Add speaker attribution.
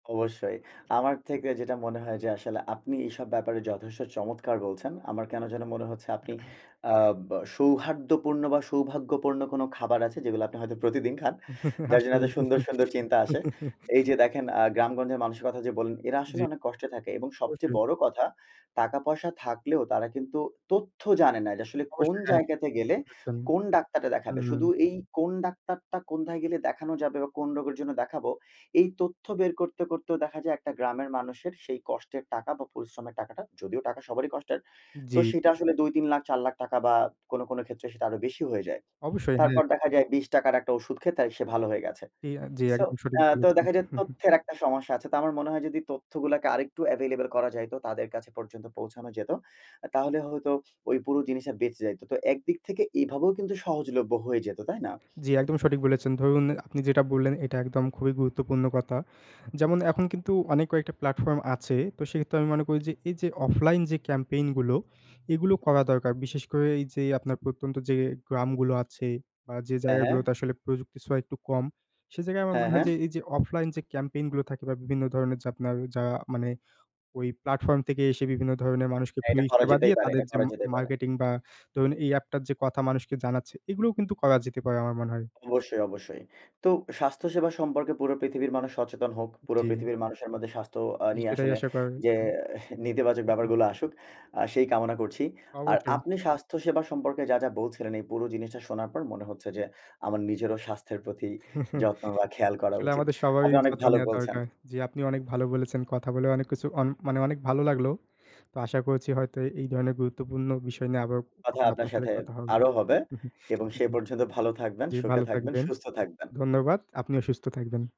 Speaker 1: অবশ্যই। আমার থেকে যেটা মনে হয় যে, আসলে আপনি এসব ব্যাপারে যথেষ্ট চমৎকার বলছেন। আমার কেনো যেন মনে হচ্ছে, আপনি আ বা সৌহার্দ্যপূর্ণ বা সৌভাগ্যপূর্ণ কোন খাবার আছে, যেগুলো আপনি হয়তো প্রতিদিন খান। যার জন্যে এত
Speaker 2: আসলেই।
Speaker 1: সুন্দর, সুন্দর চিন্তা আসে। এই যে দেখেন আ গ্রামগঞ্জের মানুষের কথা যে বললেন। এরা আসলে
Speaker 2: জ্বী।
Speaker 1: অনেক কষ্টে থাকে এবং সবচেয়ে
Speaker 2: অবশ্যই।
Speaker 1: বড় কথা, টাকা-পয়সা থাকলেও তারা কিন্তু তথ্য জানে না। যে আসলে কোন
Speaker 2: অবশ্যই। হ্যাঁ, [unintelligible]
Speaker 1: জায়গাতে
Speaker 2: ঠিক
Speaker 1: গেলে,
Speaker 2: বলেছেন।
Speaker 1: কোন ডাক্তারটা
Speaker 2: হু,
Speaker 1: দেখাবে?
Speaker 2: হুম।
Speaker 1: শুধু এই কোন ডাক্তারটা, কোনথায় গেলে দেখানো যাবে? বা কোন রোগের জন্য দেখাবো? এই তথ্য বের করতে, করতেও দেখা যায় একটা গ্রামের মানুষের সেই কষ্টের টাকা বা পরিশ্রমের টাকাটা, যদিও টাকা সবারই কষ্টের। তো
Speaker 2: জ্বী।
Speaker 1: সেটা আসলে ৳২-৩ লাখ ৳৪ লাখ বা কোনো কোনো ক্ষেত্রে সেটা আরো বেশি হয়ে যায়।
Speaker 2: অবশ্যই, হ্যাঁ।
Speaker 1: তারপর দেখা যায় ৳২০ টাকার একটা ঔষুধ খেয়ে তাই সে ভালো হয়ে গেছে।
Speaker 2: জ্বী, এক জ্বী,
Speaker 1: সো
Speaker 2: একদম সঠিক
Speaker 1: আ তো
Speaker 2: বলেছেন।
Speaker 1: দেখা যায় তথ্যের একটা সমস্যা আছে। তো আমার মনে হয় যদি তথ্যগুলাকে আরেকটু এভেইলেবল করা যাইত, তাদের কাছে পর্যন্ত পৌঁছানো যেত। তাহলে হয়তো ওই পুরো জিনিসে বেঁচে যাইত। তো একদিক থেকে এভাবেও কিন্তু সহজলভ্য হয়ে যেত, তাই না?
Speaker 2: জ্বী, একদম সঠিক বলেছেন। ধরুন আপনি যেটা বললেন, এটা একদম খুবই গুরুত্বপূর্ণ কথা। যেমন এখন কিন্তু অনেক কয়েকটা প্ল্যাটফর্ম আছে। তো সেক্ষেত্রে আমি মনে করি যে, এই যে অফলাইন যে ক্যাম্পেইন গুলো, এগুলো
Speaker 1: হু।
Speaker 2: করা দরকার। বিশেষ করে এই যে আপনার প্রত্যন্ত যে গ্রামগুলো আছে বা যে
Speaker 1: হ্যাঁ, হ্যাঁ।
Speaker 2: জায়গাগুলোতে আসলে প্রযুক্তির ছোঁয়া একটু কম। সে জায়গায় আমার
Speaker 1: হ্যাঁ,
Speaker 2: মনে হয়
Speaker 1: হ্যাঁ।
Speaker 2: যে এই যে, অফলাইন যে ক্যাম্পেইন গুলো থাকে বা বিভিন্ন ধরণের যে আপনার যা মানে, ওই প্লাটফর্ম থেকে এসে বিভিন্ন ধরনের মানুষকে
Speaker 1: হ্যাঁ,
Speaker 2: ফ্রি
Speaker 1: এটা করা
Speaker 2: সেবা
Speaker 1: যেতেই
Speaker 2: দিয়ে,
Speaker 1: পারে।
Speaker 2: তাদের
Speaker 1: এটা
Speaker 2: যে
Speaker 1: করা
Speaker 2: ম
Speaker 1: যেতে পারে।
Speaker 2: মার্কেটিং বা ধরুন এই এ্যাপ টার যে কথা মানুষকে জানাচ্ছে। এগুলোও কিন্তু করা যেতে পারে, আমার মনে হয়।
Speaker 1: অবশ্যই, অবশ্যই। তো স্বাস্থ্য সেবা সম্পর্কে পুরো পৃথিবীর মানুষ সচেতন হোক। পুরো
Speaker 2: জ্বী।
Speaker 1: পৃথিবীর মানুষের মধ্যে স্বাস্থ্য আ
Speaker 2: জ্বী,
Speaker 1: নিয়ে
Speaker 2: সেটাই
Speaker 1: আসলে
Speaker 2: আশা করে
Speaker 1: যে,
Speaker 2: হু।
Speaker 1: নেতিবাচক
Speaker 2: হু, হু।
Speaker 1: ব্যাপারগুলো আসুক, আ সেই কামনা করছি। আর
Speaker 2: অবশ্যই।
Speaker 1: আপনি স্বাস্থ্য সেবা সম্পর্কে যা, যা বলছিলেন। এই পুরো জিনিসটা শোনার পর মনে হচ্ছে যে, আমার নিজেরও স্বাস্থ্যের প্রতি যত্ন বা খেয়াল করা
Speaker 2: আসলে
Speaker 1: উচিত।
Speaker 2: আমাদের সবারই
Speaker 1: আপনি অনেক
Speaker 2: যত্ন
Speaker 1: ভালো
Speaker 2: নেওয়া
Speaker 1: বলছেন।
Speaker 2: দরকার। জ্বী, আপনি অনেক ভালো বলেছেন। কথা বলে অনেক কিছু, অনে মানে অনেক ভালো লাগলো। তো আশা করছি হয়তো এ এই ধরনের গুরুত্বপূর্ণ বিষয় নিয়ে, আবার
Speaker 1: কথা আপনার
Speaker 2: আপনার সাথে
Speaker 1: সাথে
Speaker 2: কথা হবে
Speaker 1: আরো হবে এবং সে
Speaker 2: জ্বী,
Speaker 1: পর্যন্ত ভালো থাকবেন,
Speaker 2: জ্বী,
Speaker 1: সুখে
Speaker 2: ভালো
Speaker 1: থাকবেন,
Speaker 2: থাকবেন।
Speaker 1: সুস্থ থাকবেন।
Speaker 2: ধন্যবাদ, আপনিও অসুস্থ থাকবেন।